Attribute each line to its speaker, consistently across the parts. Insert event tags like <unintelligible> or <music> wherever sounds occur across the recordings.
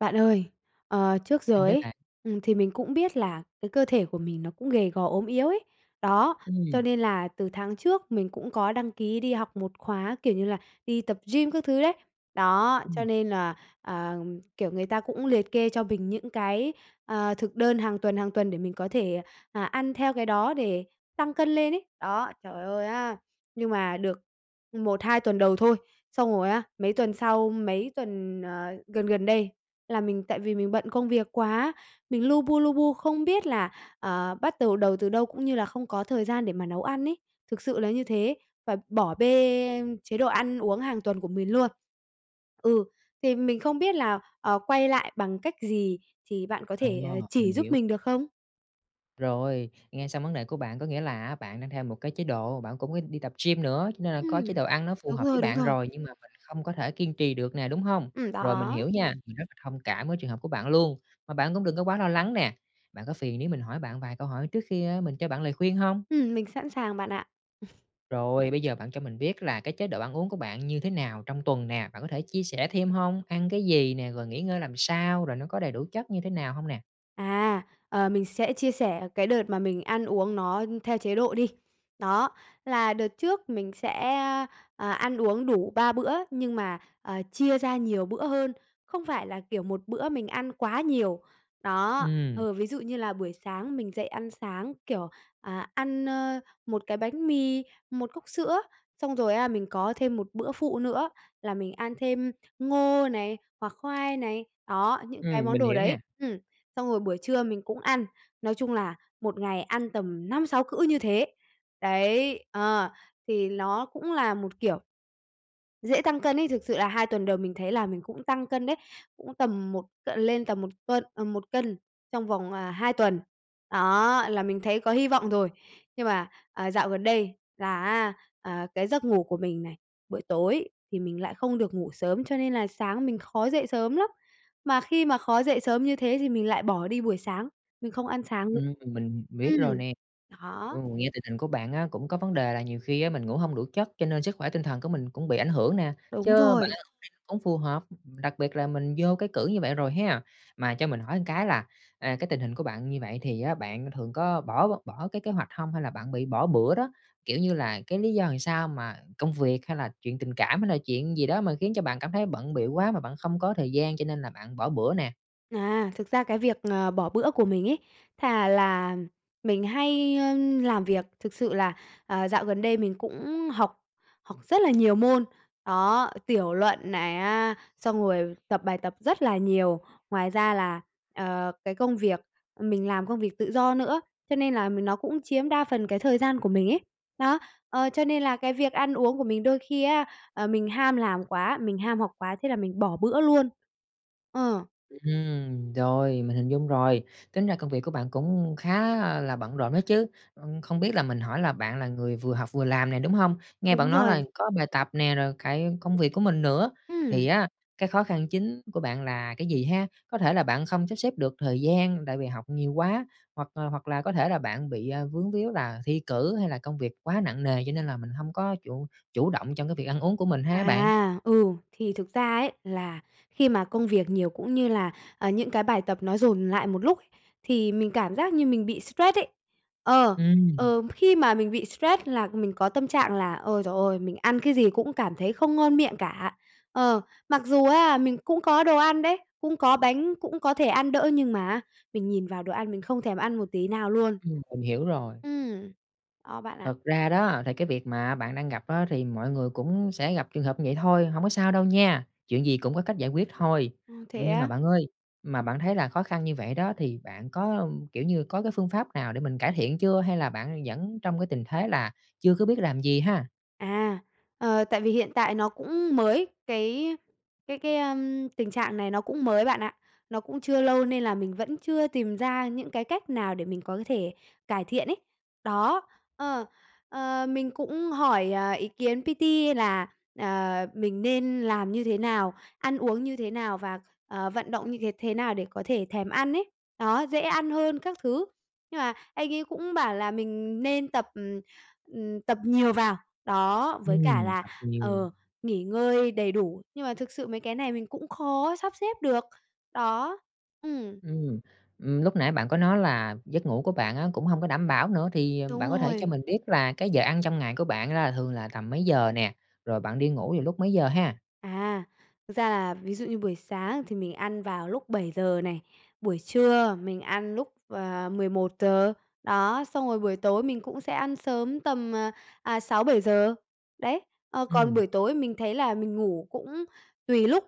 Speaker 1: Bạn ơi, ờ, trước
Speaker 2: Sao
Speaker 1: giờ
Speaker 2: đấy
Speaker 1: ấy,
Speaker 2: bạn?
Speaker 1: ừm, thì mình cũng biết là cái cơ thể của mình nó cũng gầy gò ốm yếu ấy. Đó, cho
Speaker 2: Ừm.
Speaker 1: nên là từ tháng trước mình cũng có đăng ký đi học một khóa, kiểu như là, đi tập gym các thứ đấy. Đó, cho
Speaker 2: Ừm.
Speaker 1: nên là, ờ, kiểu, người ta cũng liệt kê cho mình những cái, ờ, thực đơn hàng tuần, hàng tuần để mình có thể, à, ăn theo cái đó để tăng cân lên ấy. Đó, trời ơi á! Nhưng mà được 1,2 tuần đầu thôi, xong rồi á, mấy tuần sau, mấy tuần, ờ, gần gần đây là mình tại vì mình bận công việc quá, mình lu bu, lu bu không biết là, ờ, bắt đầu đầu từ đâu cũng như là không có thời gian để mà nấu ăn ấy. Thực sự là như thế, và bỏ bê chế độ ăn uống hàng tuần của mình luôn. Ừ, thì mình không biết là, ờ, quay lại bằng cách gì thì bạn có
Speaker 2: Ồ,
Speaker 1: thể, à, chỉ
Speaker 2: mình
Speaker 1: giúp
Speaker 2: hiểu.
Speaker 1: mình được không?
Speaker 2: Rồi, nghe xong vấn đề của bạn có nghĩa là á, bạn đang theo một cái chế độ bạn cũng có đi tập gym nữa, cho nên là có
Speaker 1: Ừm,
Speaker 2: chế độ ăn nó phù
Speaker 1: đúng
Speaker 2: hợp với
Speaker 1: rồi, đúng
Speaker 2: bạn
Speaker 1: rồi.
Speaker 2: rồi nhưng mà mình không có thể kiên trì được nè, đúng hông?
Speaker 1: Ừm,
Speaker 2: Rồi mình
Speaker 1: đó.
Speaker 2: hiểu nha, mình rất là thông cảm với trường hợp của bạn luôn, mà bạn cũng đừng có quá lo lắng nè. Bạn có phiền nếu mình hỏi bạn vài câu hỏi trước khi, a, mình cho bạn lời khuyên hông?
Speaker 1: Ừm, mình sẵn sàng bạn ạ. <chuckles>
Speaker 2: Rồi, bây giờ bạn cho mình biết là cái chế độ ăn uống của bạn như thế nào trong tuần nè, bạn có thể chia sẻ thêm hông? Ăn cái gì nè? Rồi nghỉ ngơi làm sao? Rồi nó có đầy đủ chất như thế nào hông nè?
Speaker 1: À, ờ, mình sẽ chia sẻ cái đợt mà mình ăn uống nó theo chế độ đi. Đó, là đợt trước mình sẽ à, ăn uống đủ 3 bữa nhưng mà, à, chia ra nhiều bữa hơn, không phải là, kiểu, một bữa mình ăn quá nhiều, đó
Speaker 2: Ừm.
Speaker 1: ờ, ví dụ như là buổi sáng mình dậy ăn sáng, kiểu, à, ăn, ơ, một cái bánh mì, một cốc sữa, xong rồi á, mình có thêm một bữa phụ nữa là mình ăn thêm ngô này, hoặc khoai này, đó, những cái
Speaker 2: Ừm,
Speaker 1: món
Speaker 2: mình
Speaker 1: đồ
Speaker 2: hiểu
Speaker 1: đấy
Speaker 2: nè.
Speaker 1: ừm, xong rồi buổi trưa mình cũng ăn, nói chung là một ngày ăn tầm 5-6 cữ như thế, đấy ờ, thì nó cũng là một kiểu dễ tăng cân ấy. Thực sự là 2 tuần đầu mình thấy là mình cũng tăng cân đấy, cũng tầm một c lên tầm 1 cân, à, 1 cân trong vòng, à, 2 tuần, đó, là mình thấy có hi vọng rồi, nhưng mà, à, dạo gần đây là á, à, cái giấc ngủ của mình này, buổi tối thì mình lại không được ngủ sớm, cho nên là sáng mình khó dậy sớm lắm, mà khi mà khó dậy sớm như thế thì mình lại bỏ đi buổi sáng, mình không ăn sáng nữ
Speaker 2: Ừm, mình biết
Speaker 1: ừm,
Speaker 2: rồi nè. Ừ,
Speaker 1: đó.
Speaker 2: nghe tình hình của bạn á, cũng có vấn đề là nhiều khi á, mình ngủ hông đủ chất cho nên sức khỏe tinh thần của mình cũng bị ảnh hưởng nè,
Speaker 1: Đúng
Speaker 2: chớ bạn
Speaker 1: rồi.
Speaker 2: hông đi hông phù hợp, đặc biệt là mình vô cái cữ như vậy rồi ha. Mà cho mình hỏi một cái là, à, cái tình hình của bạn như vậy thì á, bạn thường có bỏ bỏ cái kế hoạch hông? Hay là bạn bị bỏ bữa đó, kiểu như là cái lý do làm sao mà công việc hay là chuyện tình cảm, hay là chuyện gì đó mà khiến cho bạn cảm thấy bận bịu quá mà bạn không có thời gian cho nên là bạn bỏ bữa nè?
Speaker 1: À, thực ra cái việc, ờ, bỏ bữa của mình ấy, thà là mình hay, ưm, làm việc. Thực sự là, à, dạo gần đây mình cũng học, học rất là nhiều môn, đó, tiểu luận này á, xong rồi tập bài tập rất là nhiều. Ngoài ra là, ờ, cái công việc, ờm, mình làm công việc tự do nữa, cho nên là m nó cũng chiếm đa phần cái thời gian của mình ấy. Đó. Ờ, cho nên là cái việc ăn uống của mình đôi khi á, à, mình ham làm quá, mình ham học quá thế là mình bỏ bữa luôn. Ờ.
Speaker 2: Ừm, rồi, mình hình dung rồi, tính ra công việc của bạn cũng khá, a, là bận rộn á chứ, ưm, không biết là mình hỏi là bạn là người vừa học vừa làm nè, đúng hông? Nghe
Speaker 1: Đúng
Speaker 2: bạn nói là
Speaker 1: rồi.
Speaker 2: có bài tập nè, rồi cả công việc của mình nữa, thì
Speaker 1: Ừm.
Speaker 2: á, cái khó khăn chính của bạn là cái gì ha? Có thể là bạn không sắp xếp được thời gian tại vì học nhiều quá, hoặc, à, hoặc là có thể là bạn, bị, à, vướng víu là thi cử hay là công việc quá nặng nề, cho nên là mình hông có chủ chủ động trong cái việc ăn uống của mình ha hả bạn?
Speaker 1: À, ừ, thì thực ra ấy, là khi mà công việc nhiều cũng như là, à, những cái bài tập nó dồn lại một lúc, thì mình cảm giác như mình bị stress ấy. Ờ,
Speaker 2: Ừm.
Speaker 1: ờ, khi mà mình bị stress là mình có tâm trạng là, ôi giời ơi, mình ăn cái gì cũng cảm thấy không ngon miệng cả. Ờ, mặc dù á, mình cũng có đồ ăn đấy, cũng có bánh, cũng có thể ăn đỡ nhưng mà á, mình nhìn vào đồ ăn mình không thèm ăn một tí nào luôn.
Speaker 2: Ừm, mình hiểu rồi.
Speaker 1: Ừm. Đó, bạn ạ.
Speaker 2: Thật ra đó thì cái việc mà bạn đang gặp á thì mọi người cũng sẽ gặp trường hợp như vậy thôi, hông có sao đâu nha, chuyện gì cũng có cách giải quyết thôi.
Speaker 1: Ơ, thế
Speaker 2: Nhưng mà
Speaker 1: á?
Speaker 2: bạn ơi, mà bạn thấy là khó khăn như vậy đó thì bạn có, kiểu như, có cái phương pháp nào để mình cải thiện chưa? Hay là bạn vẫn trong cái tình thế là chưa có biết làm gì ha?
Speaker 1: À, ờ, tại vì hiện tại nó cũng mới, cái cái cái, ưm, tình trạng này nó cũng mới bạn ạ, nó cũng chưa lâu nên là mình vẫn chưa tìm ra những cái cách nào để mình có thể cải thiện ấy. Đó, ờ, ờ, mình cũng hỏi, à, ý kiến PT là, ờ, mình nên làm như thế nào, ăn uống như thế nào và, ờ, vận động như thế thế nào để có thể thèm ăn ấy. Đó, dễ ăn hơn các thứ. Nhưng mà anh ấy cũng bảo là mình nên tập, ừm, ừm, tập nhiều vào. Đó, với cả
Speaker 2: Ừm,
Speaker 1: là,
Speaker 2: tập nhiều.
Speaker 1: ờ, nghỉ ngơi đầy đủ, nhưng mà thực sự mấy cái này mình cũng khó sắp xếp được. Đó, ừm.
Speaker 2: Ừm, ừm, lúc nãy bạn có nói là giấc ngủ của bạn á, cũng hông có đảm bảo nữa, thì
Speaker 1: Đúng
Speaker 2: bạn có thể cho
Speaker 1: rồi.
Speaker 2: mình biết là cái giờ ăn trong ngày của bạn là thường là tầm mấy giờ nè, rồi bạn đi ngủ vào lúc mấy giờ ha?
Speaker 1: À, thực ra là ví dụ như buổi sáng thì mình ăn vào lúc 7:00 này, buổi trưa mình ăn lúc, ờ, 11:00 giờ. Đó, xong rồi buổi tối mình cũng sẽ ăn sớm tầm, à, à, 6:00-7:00. Đấy, ờ, còn
Speaker 2: Ừm.
Speaker 1: buổi tối mình thấy là mình ngủ cũng tùy lúc,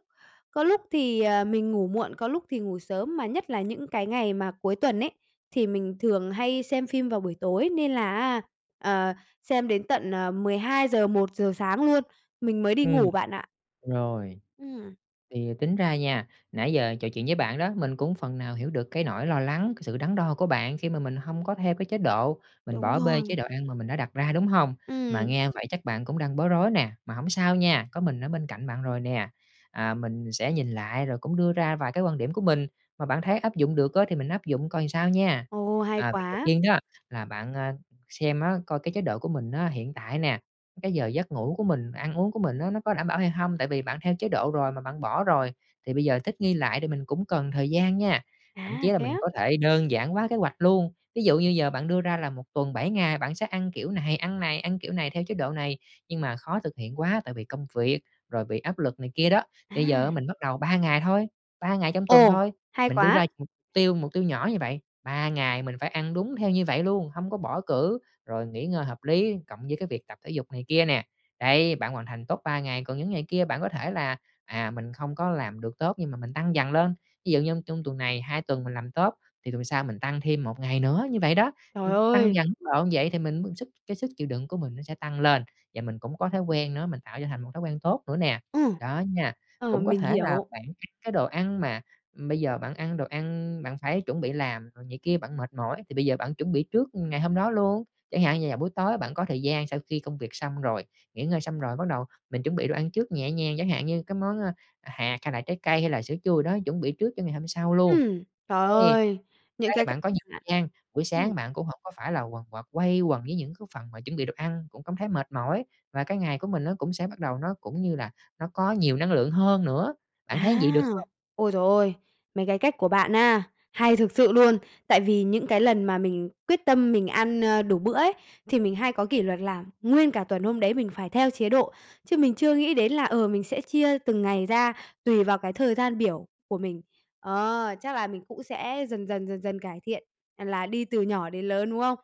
Speaker 1: có lúc thì, ờ, mình ngủ muộn, có lúc thì ngủ sớm, mà nhất là những cái ngày mà cuối tuần ấy, thì mình thường hay xem phim vào buổi tối nên là á, ờ, xem đến tận, ờ, 12:00-1:00 sáng luôn, mình mới đi
Speaker 2: Ừm,
Speaker 1: ngủ bạn ạ.
Speaker 2: rồi.
Speaker 1: Ừm.
Speaker 2: Thì tính ra nha, nãy giờ trò chuyện với bạn đó, mình cũng phần nào hiểu được cái nỗi lo lắng, cái sự đắn đo của bạn khi mà mình hông có theo cái chế độ, mình
Speaker 1: Đúng
Speaker 2: bỏ bê chế
Speaker 1: rồi.
Speaker 2: độ ăn mà mình đã đặt ra, đúng hông? Mà
Speaker 1: Ừm.
Speaker 2: nghe vậy chắc bạn cũng đang bối rối nè, mà hổng sao nha, có mình ở bên cạnh bạn rồi nè, à, mình sẽ nhìn lại rồi cũng đưa ra vài cái quan điểm của mình, mà bạn thấy áp dụng được á thì mình áp dụng coi sao nha.
Speaker 1: Ồ, hay
Speaker 2: À, việc đầu
Speaker 1: quá!
Speaker 2: tiên đó là bạn, à, xem á, coi cái chế độ của mình á hiện tại nè, cái giờ giấc ngủ của mình, ăn uống của mình á nó có đảm bảo hay hông? Tại vì bạn theo chế độ rồi mà bạn bỏ rồi, thì bây giờ thích nghi lại thì mình cũng cần thời gian nha, thậm chí
Speaker 1: À,
Speaker 2: là
Speaker 1: thế
Speaker 2: mình
Speaker 1: á?
Speaker 2: có thể đơn giản hoá kế hoạch luôn. Ví dụ như giờ bạn đưa ra là 1 tuần 7 ngày, bạn sẽ ăn kiểu này ăn này ăn kiểu này theo chế độ này, nhưng mà khó thực hiện quá tại vì công việc, rồi bị áp lực này kia đó, thì bây giờ á
Speaker 1: À!
Speaker 2: mình bắt đầu 3 ngày thôi, 3 ngày trong tuần
Speaker 1: Ồ,
Speaker 2: thôi,
Speaker 1: hay
Speaker 2: mình đưa
Speaker 1: quá!
Speaker 2: ra mục tiêu mục tiêu nhỏ như vậy, 3 ngày mình phải ăn đúng theo như vậy luôn, hông có bỏ cữ, rồi nghỉ ngơi hợp lý cộng với cái việc tập thể dục này kia nè. Đấy, bạn hoàn thành tốt 3 ngày, còn những ngày kia bạn có thể là, à, mình không có làm được tốt nhưng mà mình tăng dần lên. Ví dụ như trong tuần này, 2 tuần mình làm tốt thì tuần sau mình tăng thêm 1 ngày nữa, như vậy đó,
Speaker 1: Trời
Speaker 2: ừ, tăng
Speaker 1: ơi!
Speaker 2: dần mức độ vậy thì mình mới sức cái sức chịu đựng của mình nó sẽ tăng lên và mình cũng có thói quen nữa, mình tạo cho thành một thói quen tốt nữa nè,
Speaker 1: Ừ.
Speaker 2: đó nha.
Speaker 1: Ờ,
Speaker 2: Cũng có
Speaker 1: mình
Speaker 2: thể là
Speaker 1: hiểu.
Speaker 2: bạn ăn cái đồ ăn mà bây giờ bạn ăn đồ ăn, bạn phải chuẩn bị làm rồi này kia bạn mệt mỏi, thì bây giờ bạn chuẩn bị trước ngày hôm đó luôn. Chẳng hạn như là buổi tối bạn có thời gian sau khi công việc xong rồi, nghỉ ngơi xong rồi, bắt đầu mình chuẩn bị đồ ăn trước nhẹ nhàng, chẳng hạn như cái món, a, à, hạt hay là trái cây hay là sữa chua đó, chuẩn bị trước cho ngày hôm sau luôn.
Speaker 1: Ừm. Trời
Speaker 2: Thế,
Speaker 1: ơi! Những
Speaker 2: thế
Speaker 1: cái cách
Speaker 2: bạn có nhiều
Speaker 1: bạn
Speaker 2: gian, buổi
Speaker 1: Ừm.
Speaker 2: sáng bạn cũng hổng có phải là quần quật, quay quần với những cái phần mà chuẩn bị đồ ăn, cũng cảm thấy mệt mỏi và cái ngày của mình nó cũng sẽ bắt đầu nó cũng như là nó có nhiều năng lượng hơn nữa. Bạn thấy vậy được
Speaker 1: À.
Speaker 2: không?
Speaker 1: Ôi giời ôi! Mấy cái cách của bạn á hay thực sự luôn! Tại vì những cái lần mà mình quyết tâm mình ăn, ơ, đủ bữa ấy, thì mình hay có kỷ luật là nguyên cả tuần hôm đấy mình phải theo chế độ, chứ mình chưa nghĩ đến là, ờ, mình sẽ chia từng ngày ra tùy vào cái thời gian biểu của mình. Ờ. Chắc là mình cũng sẽ dần dần, dần dần cải thiện, à, là đi từ nhỏ đến lớn, đúng không?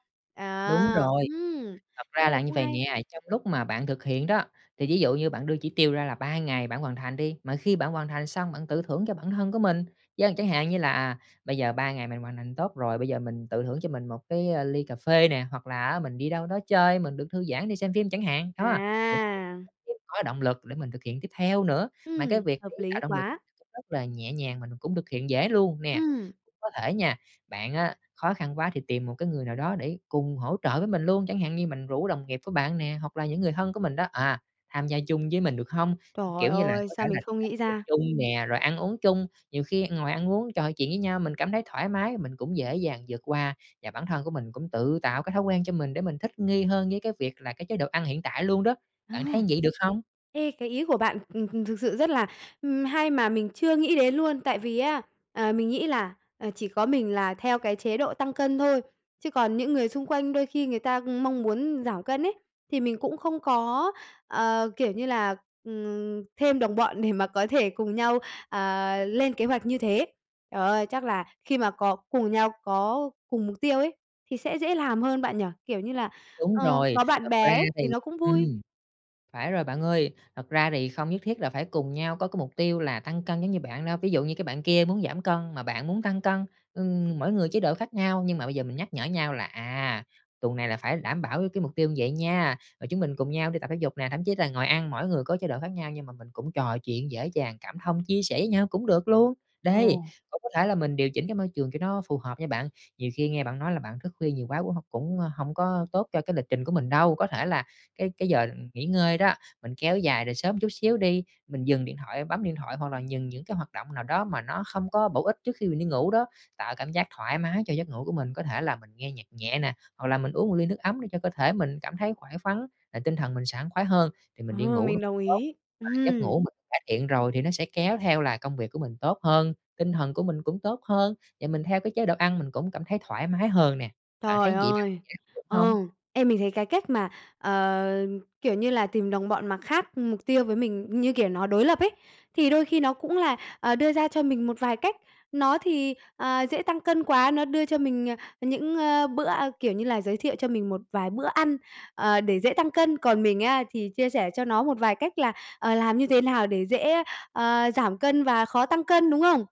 Speaker 2: Đúng
Speaker 1: À!
Speaker 2: rồi.
Speaker 1: Ừm,
Speaker 2: Thật
Speaker 1: cái
Speaker 2: ra
Speaker 1: này
Speaker 2: là như
Speaker 1: cũng
Speaker 2: vậy
Speaker 1: hay.
Speaker 2: nè, trong lúc mà bạn thực hiện đó, thì ví dụ như bạn đưa chỉ tiêu ra là 3 ngày bạn hoàn thành đi, mà khi bạn hoàn thành xong bạn tự thưởng cho bản thân của mình. Vâng, chẳng hạn như là, à, bây giờ 3 ngày mình hoàn thành tốt rồi, bây giờ mình tự thưởng cho mình một cái ly cà phê nè, hoặc là á mình đi đâu đó chơi mình được thư giãn, đi xem phim chẳng hạn. Đó, cũng
Speaker 1: À!
Speaker 2: <unintelligible> có động lực để mình thực hiện tiếp theo nữa, mà cái
Speaker 1: Ừm,
Speaker 2: việc để
Speaker 1: hợp
Speaker 2: tạo
Speaker 1: lý
Speaker 2: động lực
Speaker 1: quá.
Speaker 2: <unintelligible> rất là nhẹ nhàng, mình cũng thực hiện dễ luôn nè.
Speaker 1: Ừm.
Speaker 2: Có thể nha, bạn á khó khăn quá thì tìm một cái người nào đó để cùng hỗ trợ với mình luôn, chẳng hạn như mình rủ đồng nghiệp của bạn nè, hoặc là những người thân của mình đó, à, tham gia chung với mình được hông?
Speaker 1: Trời
Speaker 2: Kiểu như là,
Speaker 1: ơi!
Speaker 2: có thể
Speaker 1: Sao
Speaker 2: là
Speaker 1: mình
Speaker 2: đi
Speaker 1: không
Speaker 2: tập
Speaker 1: nghĩ
Speaker 2: dục
Speaker 1: ra?
Speaker 2: chung nè, rồi ăn uống chung, nhiều khi ngồi ăn uống trò chuyện với nhau, mình cảm thấy thoải mái, mình cũng dễ dàng vượt qua, và bản thân của mình cũng tự tạo cái thói quen cho mình để mình thích nghi hơn với cái việc là cái chế độ ăn hiện tại luôn đó.
Speaker 1: Ờ.
Speaker 2: Bạn thấy vậy được không?
Speaker 1: Ê, cái ý của bạn, ừm, ừm, thực sự rất là, ừm, hay mà mình chưa nghĩ đến luôn. Tại vì á, ờ, mình nghĩ là, ờ, chỉ có mình là theo cái chế độ tăng cân thôi, chứ còn những người xung quanh đôi khi người ta mong muốn giảm cân ấy, thì mình cũng không có, ờ, kiểu như là, ừm, thêm đồng bọn để mà có thể cùng nhau, à, lên kế hoạch như thế. Trời ơi, chắc là khi mà có cùng nhau có cùng mục tiêu ấy thì sẽ dễ làm hơn bạn nhỉ? Kiểu như là,
Speaker 2: Đúng
Speaker 1: ờ,
Speaker 2: rồi.
Speaker 1: có bạn
Speaker 2: Thật ra
Speaker 1: bè ấy
Speaker 2: thì
Speaker 1: thì nó cũng vui.
Speaker 2: ừm, phải rồi bạn ơi, thật ra thì không nhất thiết là phải cùng nhau có cái mục tiêu là tăng cân giống như bạn đâu. Ví dụ như cái bạn kia muốn giảm cân mà bạn muốn tăng cân, ừm, mỗi người chế độ khác nhau nhưng mà bây giờ mình nhắc nhở nhau là, à, tuần này là phải đảm bảo cái cái mục tiêu vậy nha, rồi chúng mình cùng nhau đi tập thể dục nè, thậm chí là ngồi ăn mỗi người có chế độ khác nhau nhưng mà mình cũng trò chuyện, dễ dàng cảm thông, chia sẻ với nhau cũng được luôn. Đấy,
Speaker 1: Ồ.
Speaker 2: cũng có thể là mình điều chỉnh cái môi trường cho nó phù hợp nha bạn, nhiều khi nghe bạn nói là bạn thức khuya nhiều quá cũng hông cũng, ơ, hông có tốt cho cái lịch trình của mình đâu. Có thể là cái cái giờ nghỉ ngơi đó, mình kéo dài rồi sớm chút xíu đi, mình dừng điện thoại bấm điện thoại hoặc là dừng những cái hoạt động nào đó mà nó không có bổ ích trước khi mình đi ngủ đó, tạo cảm giác thoải mái cho giấc ngủ của mình. Có thể là mình nghe nhạc nhẹ nè, hoặc là mình uống ly nước ấm để cho cơ thể mình cảm thấy khỏe khoắn và tinh thần mình sảng khoái hơn, thì mình đi
Speaker 1: Ờ,
Speaker 2: ngủ
Speaker 1: mình đồng
Speaker 2: tốt
Speaker 1: ý.
Speaker 2: mà giấc ngủ
Speaker 1: Ừm.
Speaker 2: mình cải thiện rồi thì nó sẽ kéo theo là công việc của mình tốt hơn, tinh thần của mình cũng tốt hơn, và mình theo cái chế độ ăn mình cũng cảm thấy thoải mái hơn nè. Bạn
Speaker 1: Trời
Speaker 2: thấy vậy bạn
Speaker 1: ơi!
Speaker 2: áp dụng hông?
Speaker 1: Ừ. Ê, mình thấy cái cách mà, ờ, kiểu như là, tìm đồng bọn mà khác mục tiêu với mình, như kiểu nó đối lập ấy, thì đôi khi nó cũng là, ờ, đưa ra cho mình một vài cách. Nó thì, ờ, dễ tăng cân quá, nó đưa cho mình, ờ, những, a, bữa, a kiểu như là, giới thiệu cho mình một vài bữa ăn, ờ, để dễ tăng cân, còn mình á thì chia sẻ cho nó một vài cách là, ờ, làm như thế nào để dễ, ờ, giảm cân và khó tăng cân, đúng không?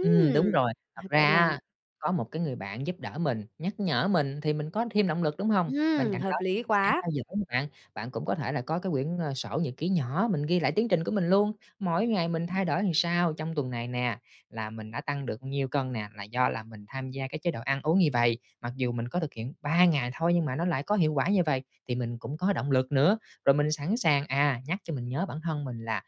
Speaker 2: Ừm, đúng rồi. Thật
Speaker 1: <chuckles> cái
Speaker 2: ra
Speaker 1: này
Speaker 2: á, có một cái người bạn giúp đỡ mình, nhắc nhở mình thì mình có thêm động lực, đúng hông? Bên
Speaker 1: Ừm,
Speaker 2: cạnh đó
Speaker 1: hợp
Speaker 2: thì
Speaker 1: lý
Speaker 2: mình sẽ
Speaker 1: quá.
Speaker 2: theo dõi nè bạn, bạn cũng có thể là có cái quyển, ờ, sổ nhật ký nhỏ mình ghi lại tiến trình của mình luôn: mỗi
Speaker 1: Ừm.
Speaker 2: ngày mình thay đổi sao trong tuần này nè, là mình đã tăng được nhiêu cân nè, là do là mình tham gia cái chế độ ăn uống như vầy, mặc dù mình có thực hiện 3 ngày thôi nhưng mà nó lại có hiệu quả như vầy thì mình cũng có động lực nữa. Rồi mình sẵn sàng, à, nhắc cho mình nhớ bản thân mình là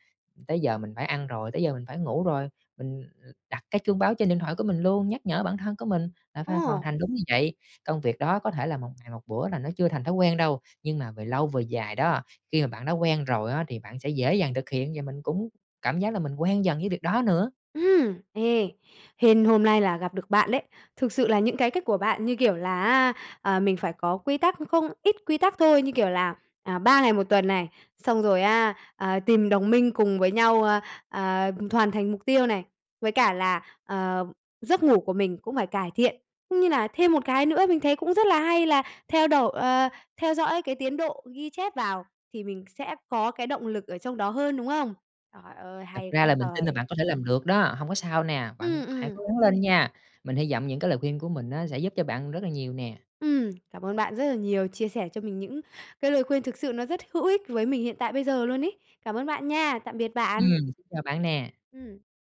Speaker 2: tới giờ mình phải ăn rồi, tới giờ mình phải ngủ rồi, mình, ừm, đặt cái chuông báo trên điện thoại của mình luôn, nhắc nhở bản thân của mình là phải hoàn
Speaker 1: Ồ.
Speaker 2: thành đúng như vậy. Công việc đó có thể là một ngày một bữa là nó chưa thành thói quen đâu, nhưng mà về lâu về dài đó, khi mà bạn đã quen rồi á thì bạn sẽ dễ dàng thực hiện và mình cũng cảm giác là mình quen dần với việc đó nữa.
Speaker 1: Ừm. Ê, hên hôm nay là gặp được bạn đấy. Thực sự là những cái cách của bạn như kiểu là, ờ, mình phải có quy tắc không ít quy tắc thôi, như kiểu là, à, 3 ngày 1 tuần này, xong rồi á, ờ, tìm đồng minh cùng với nhau, ờ, ờ, hoàn thành mục tiêu này, với cả là, ờ, giấc ngủ của mình cũng phải cải thiện, cũng như là thêm một cái nữa mình thấy cũng rất là hay, là theo đổi ờ, theo dõi cái tiến độ ghi chép vào thì mình sẽ có cái động lực ở trong đó hơn, đúng không? Trời ơi,
Speaker 2: Thật
Speaker 1: hay
Speaker 2: ra
Speaker 1: quá
Speaker 2: là mình tin là
Speaker 1: trời!
Speaker 2: bạn có thể làm được đó, hông có sao nè, bạn
Speaker 1: Ừm,
Speaker 2: hãy
Speaker 1: ừm.
Speaker 2: cố gắng lên nha! Mình hy vọng những cái lời khuyên của mình á sẽ giúp cho bạn rất là nhiều nè.
Speaker 1: Ừm. Cảm ơn bạn rất là nhiều, chia sẻ cho mình những cái lời khuyên thực sự nó rất hữu ích với mình hiện tại bây giờ luôn ấy. Cảm ơn bạn nha, tạm biệt bạn!
Speaker 2: Ừm, xin chào bạn nè!
Speaker 1: Ừm.